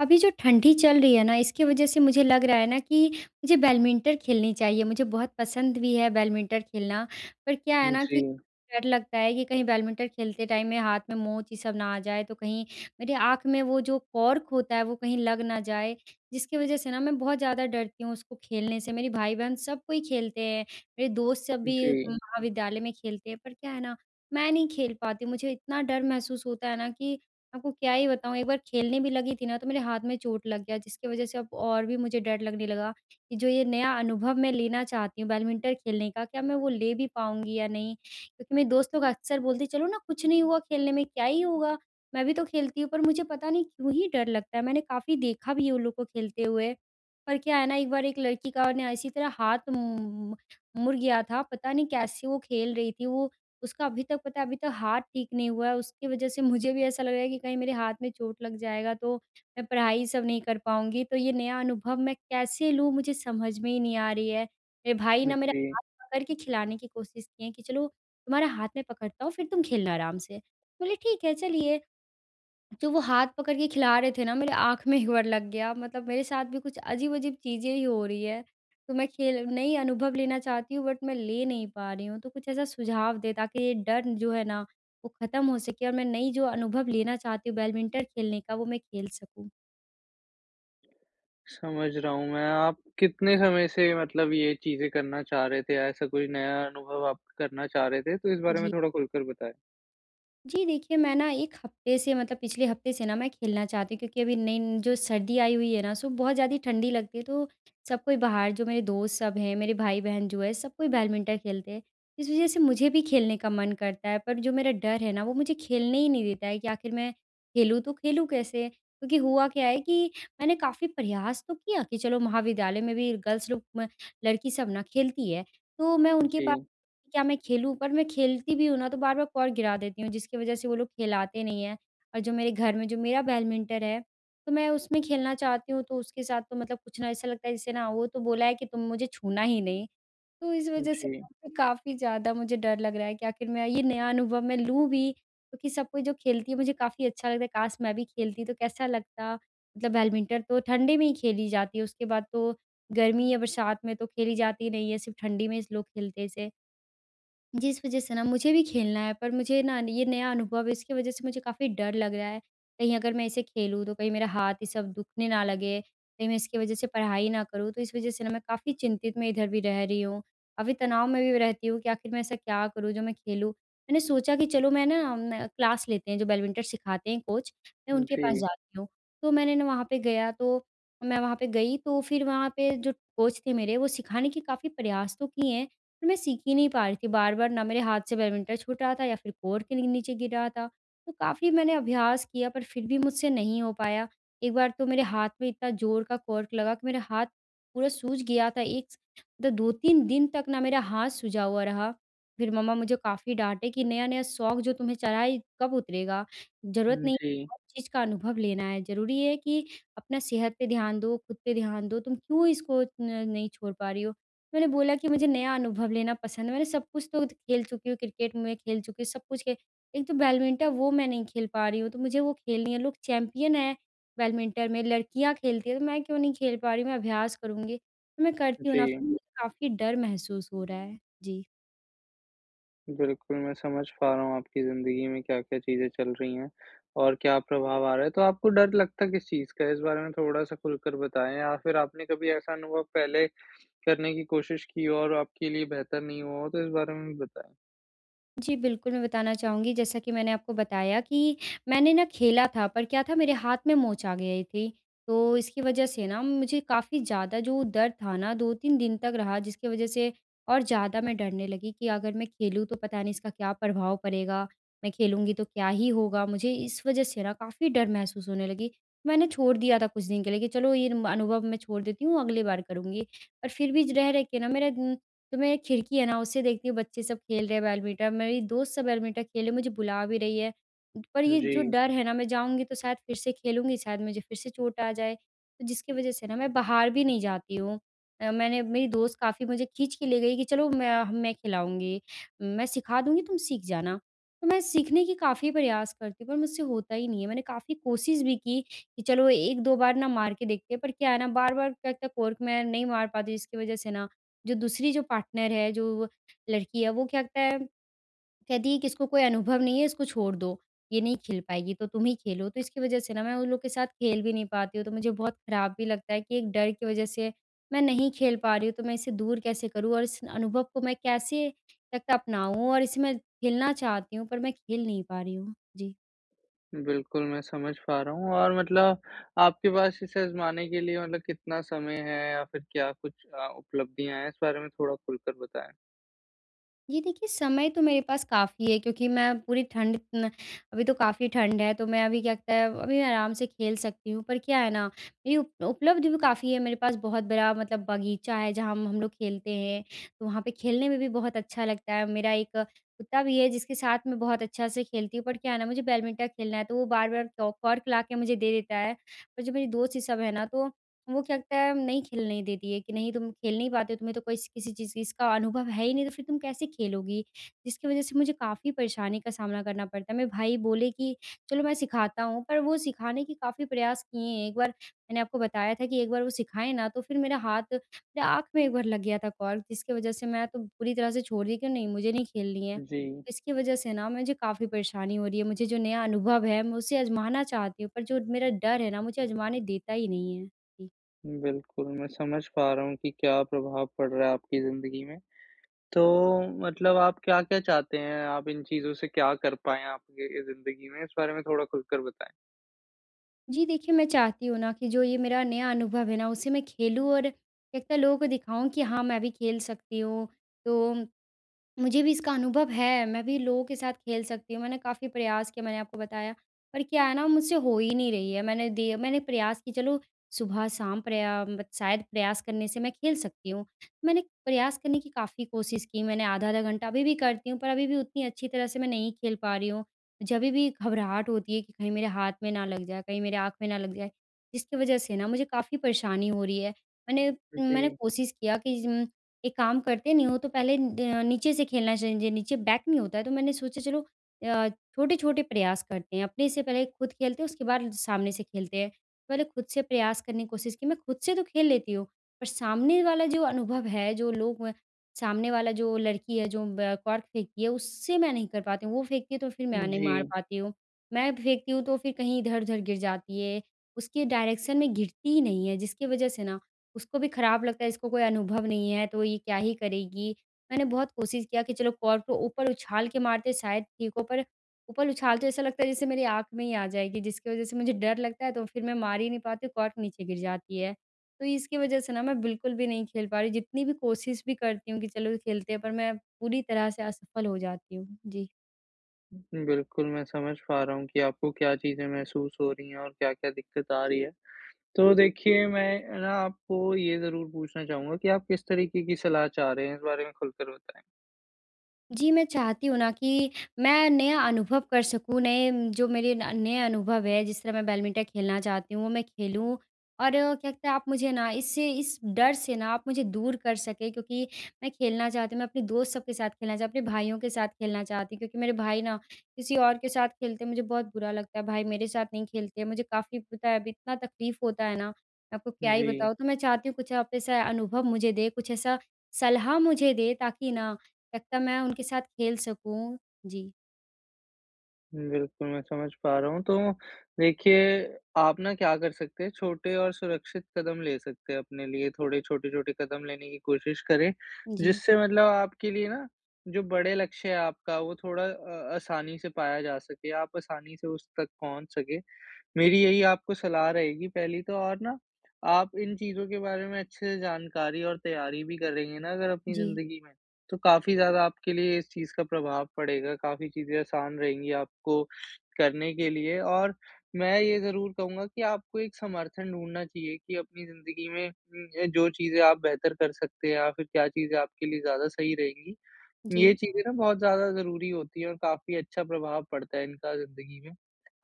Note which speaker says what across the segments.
Speaker 1: अभी जो ठंडी चल रही है न इसकी वजह से मुझे लग रहा है न कि मुझे बैडमिंटन खेलनी चाहिए मुझे बहुत पसंद भी है बैडमिंटन खेलना पर क्या है न कि
Speaker 2: जी।
Speaker 1: डर लगता है कि कहीं बैडमिंटन खेलते टाइम में हाथ में मोच ये सब ना आ जाए तो कहीं मेरी आँख में वो जो कॉर्क होता है वो कहीं लग ना जाए। जिसकी वजह से ना मैं बहुत ज़्यादा डरती हूँ उसको खेलने से। मेरे भाई-बहन सब कोई खेलते हैं मेरे दोस्त सब भी
Speaker 2: जी।
Speaker 1: महाविद्यालय में खेलते हैं पर क्या है न मैं नहीं खेल पाती मुझे इतना डर महसूस होता है ना कि आपको क्या ही बताऊँ। एक बार खेलने भी लगी थी न तो मेरे हाथ में चोट लग गया जिसकी वजह से अब और भी मुझे डर लगने लगा कि जो ये नया अनुभव मैं लेना चाहती हूँ बैडमिंटन खेलने का क्या मैं वो ले भी पाऊँगी या नहीं? क्योंकि मेरे दोस्तों लोग अक्सर बोलती है चलो ना कुछ नहीं हुआ खेलने में क्या ही होगा? मैं भी तो खेलती हूँ। पर मुझे पता नहीं क्यों ही डर लगता है मैंने काफ़ी देखा भी है उन लोगों को खेलते हुए पर क्या है न एक बार एक लड़की का ना इसी तरह हाथ उम, मुड़ गया था पता नहीं कैसे वो खेल रही थी वो। उसका अभी तक पता है अभी तक हाथ ठीक नहीं हुआ है उसकी वजह से मुझे भी ऐसा लग रहा है कि कहीं मेरे हाथ में चोट लग जाएगा तो मैं पढ़ाई सब नहीं कर पाऊँगी तो ये नया अनुभव मैं कैसे लूँ मुझे समझ में ही नहीं आ रही है। मेरे भाई ने मेरा
Speaker 2: जी।
Speaker 1: हाथ पकड़ के खिलाने की कोशिश किए कि चलो तुम्हारे हाथ में पकड़ता हूँ फिर तुम खेलना आराम से बोली ठीक है चलिए। तो वो हाथ पकड़ के खिला रहे थे ना मेरी आँख में एक बार लग गया मतलब मेरे साथ भी कुछ अजीब-अजीब चीज़ें ही हो रही है तो मैं खेल नई अनुभव लेना चाहती हूँ बट मैं ले नहीं पा रही हूँ तो कुछ ऐसा सुझाव दें ताकि ये डर जो है ना वो ख़त्म हो सके और मैं नई जो अनुभव लेना चाहती हूँ बैडमिंटन खेलने का वो मैं खेल सकूँ।
Speaker 2: समझ रहा हूँ मैं, आप कितने समय से मतलब ये चीज़ें करना चाह रहे थे ऐसा कोई नया अनुभव आप करना चाह रहे थे तो इस बारे में
Speaker 1: जी।
Speaker 2: थोड़ा खुलकर बताएँ?
Speaker 1: जी देखिए, मैं न 1 हफ़्ते से मतलब पिछले हफ़्ते से न मैं खेलना चाहती हूँ क्योंकि अभी नई जो सर्दी आई हुई है न सु बहुत ज़्यादा ही ठंडी लगती है तो सब कोई बाहर जो मेरे दोस्त सब हैं मेरे भाई-बहन जो है सब कोई बैडमिंटन खेलते हैं। इस वज़ह से मुझे भी खेलने का मन करता है पर जो मेरा डर है न वो मुझे खेलने ही नहीं देता है कि आख़िर मैं खेलूँ तो खेलूँ कैसे? क्योंकि हुआ क्या है कि मैंने काफ़ी प्रयास तो किया कि चलो महाविद्यालय में भी गर्ल्स लोग लड़की सब न खेलती है तो मैं उनके पास
Speaker 2: जी।
Speaker 1: क्या मैं खेलूँ? पर मैं खेलती भी हूँ न तो बार-बार कॉर्क गिरा देती हूँ जिसकी वज़ह से वो लोग खिलाते नहीं हैं। और जो मेरे घर में जो मेरा बैडमिंटन है तो मैं उसमें खेलना चाहती हूँ तो उसके साथ तो मतलब कुछ न ऐसा लगता है जैसे ना वो तो बोला है कि तुम मुझे छूना ही नहीं तो इस वज़ह
Speaker 2: जी।
Speaker 1: से काफ़ी ज़्यादा मुझे डर लग रहा है कि आख़िर मैं ये नया अनुभव मैं लूँ भी क्योंकि सब कोई जो खेलती है मुझे काफ़ी अच्छा लगता है काश मैं भी खेलती तो कैसा लगता? मतलब बैडमिंटन तो ठंडी में ही खेली जाती है उसके बाद तो गर्मी या बरसात में तो खेली जाती नहीं है सिर्फ़ ठंडी में इस लोग खेलते हैं इसे। जीस वज़ह से न मुझे भी खेलना है पर मुझे न ये नया अनुभव है इसकी वज़ह से मुझे काफ़ी डर लग रहा है। कहीं अगर मैं इसे खेलूँ तो कहीं मेरा हाथ ये सब दुखने ना लगे। कहीं मैं इसकी वज़ह से पढ़ाई ना करूँ तो इस वज़ह से न मैं काफ़ी चिंतित मैं इधर भी रह रही हूँ। काफ़ी तनाव में भी रहती हूँ कि आख़िर मैं ऐसा क्या करूँ जो मैं खेलूँ। मैंने सोचा कि चलो मैं न अम, क्लास लेते हैं जो बैडमिंटन सिखाते हैं कोच मैं उनके पास
Speaker 2: जी।
Speaker 1: जाती हूँ तो मैंने न वहाँ पे गया तो मैं वहाँ पे गई तो फिर वहाँ पे जो कोच थे मेरे वो सिखाने के काफ़ी प्रयास तो किए हैं पर मैं सीख ही नहीं पा रही थी बार-बार न मेरे हाथ से बैडमिंटन छूट रहा था या फिर कॉर्क के नीचे गिर रहा था तो काफ़ी मैंने अभ्यास किया पर फिर भी मुझसे नहीं हो पाया। एक बार तो मेरे हाथ में इतना ज़ोर का कॉर्क लगा कि मेरे हाथ पूरा सूज गया था एक स 2-3 दिन तक ना मेरा हाथ सूजा हुआ रहा फिर मम्मा मुझे काफ़ी डाँटे कि नया-नया शौक जो तुम्हें चढ़ा है कब उतरेगा? ज़रूरत
Speaker 2: हुँ,
Speaker 1: नहीं है
Speaker 2: जी।
Speaker 1: हर चीज़ का अनुभव लेना है ज़रूरी है कि अपना सेहत पे ध्यान दो, खुद पे ध्यान दो, तुम क्यों इसको न नहीं छोड़ पा रही हो। मैंने बोला कि मुझे नया अनुभव लेना पसंद है मैंने सब कुछ तो खेल चुकी हूँ क्रिकेट मै खेल चुकी हूँ सब कुछ खेल। एक तो बैडमिंटन वो मैं नहीं खेल पा रही हूँ तो मुझे वो खेलनी है लोग चैंपियन हैं बैडमिंटन में लड़कियाँ खेलती हैं तो मैं क्यों नहीं खेल पा रही हूँ? मैं अभ्यास करूँगी तो मैं करती हूँ न
Speaker 2: जी।
Speaker 1: मुझे काफ़ी डर महसूस हो रहा है। जी।
Speaker 2: बिल्कुल, मैं समझ पा रहा हूँ आपकी ज़िंदगी में क्या-क्या चीज़ें चल रही हैं और क्या प्रभाव आ रहा है। तो आपको डर लगता है किस चीज़ का इस बारे में थोड़ा-सा खुलकर बताएँ या फिर आपने कभी ऐसा अनुभव पहले करने की कोशिश की और आपके लिए बेहतर नहीं हुआ हो तो इस बारे में भी बताएँ?
Speaker 1: जी बिल्कुल, मैं बताना चाहूँगी जैसा कि मैंने आपको बताया कि मैंने न खेला था पर क्या था मेरे हाथ में मोच आ गई थी। तो इसकी वजह से न मुझे काफ़ी ज़्यादा जो दर्द था न 2-3 दिन तक रहा जिसकी वजह से और ज़्यादा मैं डरने लगी कि अगर मैं खेलूँ तो पता नहीं इसका क्या प्रभाव पड़ेगा? मैं खेलूँगी तो क्या ही होगा मुझे? इस वजह से न काफ़ी डर महसूस होने लगी, मैंने छोड़ दिया था कुछ दिन के लिए कि चलो ये म अनुभव मैं छोड़ देती हूँ अगली बार करूँगी। और फिर भी ज रह-रह के न मेरा उम, तो मैं एक खिड़की है न उससे देखती हूँ बच्चे सब खेल रहे हैं बैडमिंटन, मेरी दोस्त सब बैडमिंटन खेल रही है मुझे बुला भी रही है। पर ये जो
Speaker 2: जी।
Speaker 1: डर है ना मैं जाऊँगी तो शायद फिर से खेलूँगी शायद मुझे फिर से चोट आ जाए तो जिसकी वजह से न मैं बाहर भी नहीं जाती हूँ। अ, मैंने मेरी दोस्त काफ़ी मुझे खींच के ले गई कि चलो मैं मैं खिलाऊँगी। मैं सिखा दूँगी तुम सीख जाना। तो मैं सीखने के काफ़ी प्रयास करती हूँ पर मुझसे होता ही नहीं है। मैंने काफ़ी कोशिश भी की कि चलो 1-2 बार न मार के देखते हैं पर क्या है न बार-बार क क कॉर्क मैं नहीं मार पाती हूँ। इसकी वजह से न जो दूसरी जो पार्टनर है जो लड़की है वो क्या कहता है कहती है कि इसको कोई अनुभव नहीं है इसको छोड़ दो ये नहीं खेल पाएगी तो तुम ही खेलो तो इसकी वजह से ना मैं उन लोग के साथ खेल भी नहीं पाती हूँ। तो मुझे बहुत ख़राब भी लगता है कि एक डर की वजह से मैं नहीं खेल पा रही हूँ तो मैं इसे दूर कैसे करूँ? और इस अनुभव को मैं कैसे करके अपनाऊँ और इसमें खेलना चाहती हूँ पर मैं खेल नहीं पा रही हूँ। जी।
Speaker 2: बिल्कुल मैं समझ पा रहा हूँ और मतलब आपके पास इसे आज़माने के लिए मतलब कितना समय है? या फिर क्या कुछ अ, उपलब्धियाँ है इस बारे में थोड़ा ख़ुलकर कर बताएँ।
Speaker 1: ये देखिए, समय तो मेरे पास काफ़ी है क्योंकि मैं पूरी ठंड न अभी तो काफ़ी ठंड है तो मैं अभी क्या त है अभी आराम से खेल सकती हूँ पर क्या है न ये उप उपलब्ध भी काफ़ी है मेरे पास बहुत बड़ा मतलब बगीचा है जहाँ हम हम लोग खेलते हैं। वहाँ पे खेलने में भी बहुत अच्छा लगता है मेरा 1 कुत्ता भी है जिसके साथ मैं बहुत अच्छा से खेलती हूँ पर क्या है न मुझे बैडमिंटन खेलना है तो वो बार-बार क कॉर्क ला के मुझे दे देता है। पर जो मेरी दोस्त ये सब है न तो वो क्या त है नहीं खेलने देती है कि नहीं तुम खेल नहीं पाते तुम्हें तो कोई किसी चीज़ चीज़ इसका अनुभव है ही नहीं तो फिर तुम कैसे खेलोगी। जिसकी वज़ह से मुझे काफ़ी परेशानी का सामना करना पड़ता है मेरे भाई बोले कि चलो मैं सिखाता हूँ पर वो सिखाने के काफ़ी प्रयास किए हैं। एक बार मैंने आपको बताया था कि एक बार वो सिखाएँ ना तो फिर मेरा हाथ मेरे आँख में एक बार लग गया था कॉर्क जिसके वज़ह से मैं तो पूरी तरह से छोड़ दी कि नहीं मुझे नहीं खेलनी है।
Speaker 2: जी।
Speaker 1: तो इसकी वज़ह से न मुझे काफ़ी परेशानी हो रही है मुझे जो नया अनुभव है मैं उसे अजमाना चाहती हूँ पर जो मेरा डर है न मुझे आज़माने देता ही नहीं है। जी।
Speaker 2: बिल्कुल, मैं समझ पा रहा हूँ कि क्या प्रभाव पड़ रहा है आपकी ज़िंदगी में। तो मतलब आप क्या-क्या चाहते हैं, आप इन चीज़ों से क्या कर पायें आपके ए, ज़िंदगी में? इस बारे में थोड़ा खुलकर बताएँ।
Speaker 1: जी देखिए, मैं चाहती हूँ न कि जो ये मेरा नया अनुभव है न उसे मैं खेलूँ और एक न लोगों को दिखाऊँ कि हाँ, मैं भी खेल सकती हूँ। तो मुझे भी इसका अनुभव है मैं भी लोगों के साथ खेल सकती हूँ मैंने काफ़ी प्रयास किया मैंने आपको बताया। पर क्या है न मुझसे हो ही नहीं रही है मैंने दिए मैंने प्रयास की, चलो सुबह-शाम प्रया शायद प्रयास करने से मैं खेल सकती हूँ मैंने प्रयास करने की काफ़ी कोशिश की मैंने आधा-आधा घंटा अभी भी करती हूँ पर अभी भी उतनी अच्छी तरह से मैं नहीं खेल पा रही हूँ। जभी भी घबराहट होती है कि कहीं मेरे हाथ में ना लग जाए, कहीं मेरे आँख में ना लग जाए जिसकी वजह से ना मुझे काफ़ी परेशानी हो रही है। मैंने मैंने
Speaker 2: जी।
Speaker 1: कोशिश किया कि ज़म एक काम करते नहीं हो तो पहले न नीचे से खेलना चाहिए जो नीचे बैट नहीं होता है तो मैंने सोचा चलो अ, छोटे-छोटे प्रयास करते हैं अपने से पहले ख़ुद खेलते हैं उसके बाद सामने से खेलते हैं। पहले ख़ुद से प्रयास करने कि कोशिश कि मैं खुद से तो खेल लेती हूँ पर सामने वाला जो अनुभव है जो लोग म सामने वाला जो लड़की है जो म कॉर्क फेंकती है उससे मैं नहीं कर पाती हूँ वो फेंकती है तो फिर मैं नहीं मार
Speaker 2: जी।
Speaker 1: पाती हूँ। मैं फेंकती हूँ तो फिर कहीं इधर-उधर गिर जाती है उसकी डायरेक्शन में गिरती ही नहीं है जिसकी वजह से न उसको भी खराब लगता है इसको कोई अनुभव नहीं है तो ये क्या ही करेगी। मैंने बहुत कोशिश किया कि चलो कॉर्क को ऊपर उछाल के मारते हैं शायद ठीक हो पर ऊपर उछालते ऐसा लगता है जैसे मेरी आँख में ही आ जाएगी जिसकी वजह से मुझे डर लगता है तो फिर मैं मार ही नहीं पाती हूँ कॉर्क नीचे गिर जाती है। तो इसकी वजह से न मैं बिल्कुल भी नहीं खेल पा रही जितनी भी कोशिश भी करती हूँ कि चलो खेलते हैं पर मैं पूरी तरह से असफल हो जाती हूँ। जी।
Speaker 2: बिल्कुल, मैं समझ पा रहा हूँ कि आपको क्या चीज़ें महसूस हो रही है और क्या-क्या दिक़्क़त आ रही है। तो देखिए, मैं ना आपको ये ज़रूर पूछना चाहूँगा कि आप किस तरीके की सलाह चाह रहे हैं? इस बारे में खुलकर बताएँ।
Speaker 1: जी, मैं चाहती हूँ ना कि, मैं नया अनुभव कर सकूँ, नए जो मेरे न नए अनुभव हैं जिस तरह मैं बैडमिंटन खेलना चाहती हूँ, मैं खेलूँ। और क्या कहते आप मुझे ना इससे इस डर से ना आप मुझे दूर कर सकें क्योंकि मैं खेलना चाहती हूँ, मैं अपने दोस्त सब के साथ खेलना चाह, अपने भाइयों के साथ खेलना चाहती। क्योंकि मेरे भाई ना किसी और के साथ खेलते हैं मुझे बहुत बुरा लगता है, भाई मेरे साथ नहीं खेलते मुझे काफ़ी पता है अब इतना तकलीफ़ होता है ना, मैं आपको क्या ही
Speaker 2: जी।
Speaker 1: बताऊँ। तो मैं चाहती हूँ कुछ आप ऐसा अनुभव मुझे दें, कुछ ऐसा सलाह मुझे दें ताकि ना, लगता मैं उनके साथ खेल सकूँ। जी।
Speaker 2: बिल्कुल, मैं समझ पा रहा हूँ। तो, देखिए, आप ना क्या कर सकते हैं? छोटे और सुरक्षित कदम ले सकते हैं अपने लिए, थोड़े छोटे-छोटे कदम लेने की कोशिश करें,
Speaker 1: जी।
Speaker 2: जिससे मतलब आपके लिए ना, जो बड़े लक्ष्य है आपका, वो थोड़ा अ, आसानी से पाया जा सके, आप आसानी से उस तक पहुँच सकें। मेरी यही आपको सलाह रहेगी पहली तो और ना आप इन चीज़ों के बारे में अच्छे से जानकारी और तैयारी भी करेंगे ना अगर अपनी
Speaker 1: जी।
Speaker 2: ज़िंदगी में, तो काफ़ी ज़्यादा आपके लिए इस चीज़ का प्रभाव पड़ेगा। काफ़ी चीज़ें आसान रहेंगी आपको करने के लिए। और मैं ये ज़रूर कहूँगा कि आपको एक समर्थन ढूँढ़ना चाहिए, कि अपनी ज़िंदगी में उम, जो चीज़े आप बेहतर कर सकते हैं या फ़िर क्या चीज़े आपके लिए ज़्यादा सही रहेंगी, ये
Speaker 1: जी।
Speaker 2: चीज़ें ना बहुत ज़्यादा ज़रूरी होती है और काफ़ी अच्छा प्रभाव पड़ता है इनका ज़िंदगी में।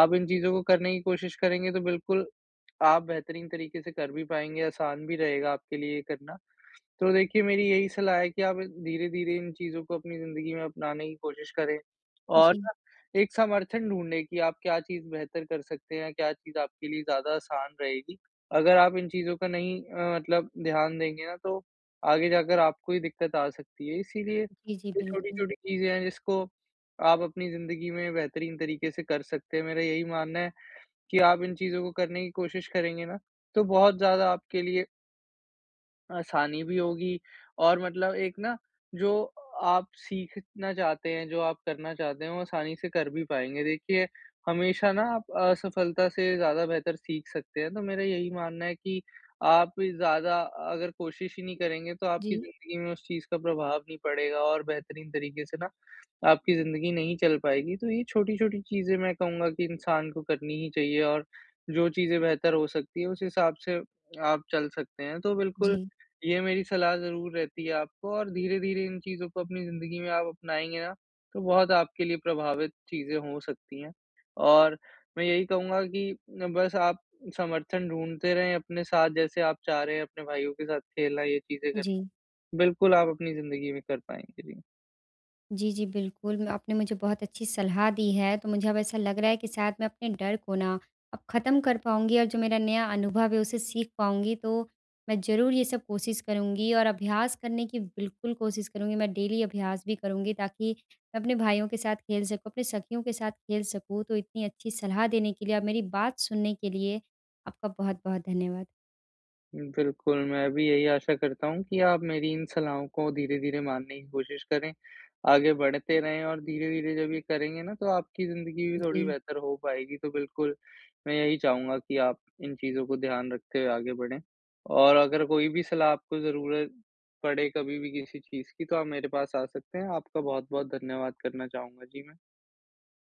Speaker 2: आप इन चीज़ों को करने की कोशिश करेंगे, तो बिल्कुल, आप बेहतरीन तरीके से कर भी पाएँगे, आसान भी रहेगा आपके लिए ये करना। तो देखिए, मेरी यही सलाह है कि आप धीरे-धीरे इन चीज़ों को अपनी ज़िंदगी में अपनाने की कोशिश करें। और
Speaker 1: जी।
Speaker 2: ना, एक समर्थन ढूँढ़ने कि आप क्या चीज़ बेहतर कर सकते हैं, क्या चीज़ आपके लिए ज़्यादा आसान रहेगी? अगर आप इन चीज़ों का नहीं अ, मतलब ध्यान देंगे ना, तो आगे जाकर आपको ही दिक़्क़त आ सकती है। इसीलिए,
Speaker 1: जी, जी,
Speaker 2: ये
Speaker 1: बिल्कुल।
Speaker 2: छोटी-छोटी चीज़ें हैं जिसको आप अपनी ज़िंदगी में बेहतरीन तरीके से कर सकते हैं, मेरा यही मानना है कि आप इन चीज़ों को करने की कोशिश करेंगे ना, तो बहुत ज़्यादा आपके लिए आसानी भी होगी। और मतलब एक ना, जो आप सीखना चाहते हैं, जो आप करना चाहते हैं, वो आसानी से कर भी पाएँगे। देखिए, हमेशा ना आप असफलता से ज़्यादा बेहतर सीख सकते हैं। तो मेरा यही मानना है कि आप ज़्यादा अगर कोशिश ही नहीं करेंगे, तो आपकी
Speaker 1: जी।
Speaker 2: ज़िंदगी में उस चीज़ का प्रभाव नहीं पड़ेगा और बेहतरीन तरीक़े से ना, आपकी ज़िंदगी नहीं चल पाएगी। तो ये छोटी-छोटी चीज़े मैं कहूँगा कि इंसान को करनी ही चाहिए और जो चीज़ें बेहतर हो सकती है, उस हिसाब से आप चल सकते हैं। तो बिल्कुल,
Speaker 1: जी।
Speaker 2: ये मेरी सलाह ज़रूर रहती है आपको और धीरे-धीरे इन चीज़ों को अपनी ज़िंदगी में आप अपनाएँगे ना, तो बहुत आपके लिए प्रभावित चीज़ें हो सकती हैं। और मैं यही कहूँगा कि बस आप समर्थन ढूँढ़ते रहें अपने साथ, जैसे आप चाह रहे हैं अपने भाइयों के साथ खेलना, ये चीज़ें करना।
Speaker 1: जी।
Speaker 2: बिल्कुल, आप अपनी ज़िंदगी में कर पाएँगे। जी।
Speaker 1: जी, जी, बिल्कुल मैं आपने मुझे बहुत अच्छी सलाह दी है, तो मुझे अब ऐसा लग रहा है कि शायद मैं अपने डर को ना, अब ख़त्म कर पाऊँगी और जो मेरा नया अनुभव है, उससे सीख पाऊँगी। तो, मैं ज़रूर ये सब कोशिश करूँगी और अभ्यास करने की बिल्कुल कोशिश करूँगी, मैं डेली अभ्यास भी करुँगी ताकि मैं अपने भाइयों के साथ खेल सकूँ, अपने सखियों के साथ खेल सकूँ। तो इतनी अच्छी सलाह देने के लिए और मेरी बात सुनने के लिए, आपका बहुत-बहुत धन्यवाद।
Speaker 2: बिल्कुल, मैं भी यही आशा करता हूँ कि आप मेरी इन सलाहों को धीरे-धीरे मानने की कोशिश करें, आगे बढ़ते रहें। और धीरे-धीरे जब ये करेंगे ना, तो आपकी ज़िंदगी भी थोड़ी
Speaker 1: जी।
Speaker 2: बेहतर हो पाएगी। तो बिल्कुल, मैं यही चाहूँगा कि आप इन चीज़ों को ध्यान रखते हुए आगे बढ़ें। और अगर कोई भी सलाह आपको ज़रूरत, पड़े कभी भी किसी चीज़ की तो आप मेरे पास आ सकते हैं, आपका बहुत-बहुत धन्यवाद करना चाहूँगा, जी मैं।